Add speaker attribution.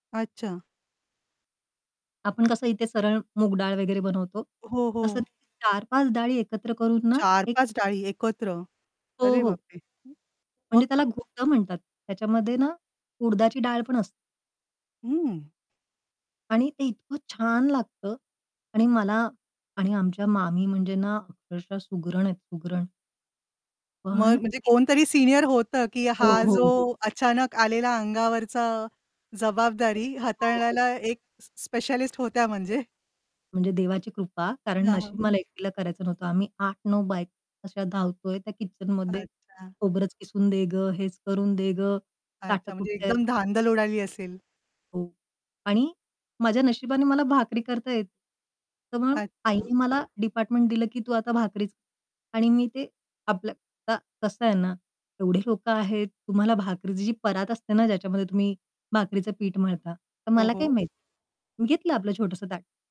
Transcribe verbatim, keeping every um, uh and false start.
Speaker 1: अच्छा.
Speaker 2: आपण कसं इथे सरळ मूग डाळ वगैरे बनवतो.
Speaker 1: हो,
Speaker 2: तसं
Speaker 1: हो.
Speaker 2: तिथे चार पाच डाळी एकत्र करून ना
Speaker 1: चार
Speaker 2: एक
Speaker 1: पाच डाळी
Speaker 2: [unintelligible]
Speaker 1: एकत्र.
Speaker 2: हो,
Speaker 1: अरे
Speaker 2: हो.
Speaker 1: बापरे! हं.
Speaker 2: म्हणजे
Speaker 1: मग?
Speaker 2: त्याला घोटं म्हणतात. त्याच्यामध्ये ना उडदाची डाळ पण असते.
Speaker 1: हं.
Speaker 2: आणि ते इतकं छान लागतं आणि मला आणि आमच्या मामी म्हणजे ना अक्षरशः सुगरण आहेत सुगरण.
Speaker 1: मग
Speaker 2: पण. [unintelligible]
Speaker 1: म्हणजे कोणतरी सीनियर होतं की
Speaker 2: हो,
Speaker 1: हा
Speaker 2: हो,
Speaker 1: जो
Speaker 2: हो.
Speaker 1: अचानक आलेला अंगावरचा जबाबदारी
Speaker 2: तसं. हो, हो.
Speaker 1: हाताळण्याला एक स स्पेशलिस्ट होत्या म्हणजे.
Speaker 2: म्हणजे देवाची कृपा. कारण
Speaker 1: हां,
Speaker 2: नशीब
Speaker 1: हां.
Speaker 2: मला एकटीला करायचं नव्हतं. आम्ही आठ नऊ बायका अशा धावतोय त्या किचनमध्ये.
Speaker 1: अच्छा.
Speaker 2: "खोबरंच किसून दे गं, हेच करून दे गं, ताटं
Speaker 1: अच्छा. म्हणजे
Speaker 2: कुठे आहेत?"
Speaker 1: एकदम धांदल उडाली असेल.
Speaker 2: हो आणि माझ्या नशिबाने मला भाकरी करता येते. तर मग
Speaker 1: अच्छा.
Speaker 2: आईने मला डिपार्टमेंट दिलं की तू आता भाकरीच आणि मी ते आपलं आता कसं आहे ना? एवढे लोकं आहेत, तुम्हाला भाकरीची जी परात असते ना, ज्याच्यामध्ये तुम्ही भाकरीचं पीठ मळता? तर
Speaker 1: हो,
Speaker 2: मला काय
Speaker 1: हो.
Speaker 2: माहीत. मी घेतलं आपलं छोटंसं ताट.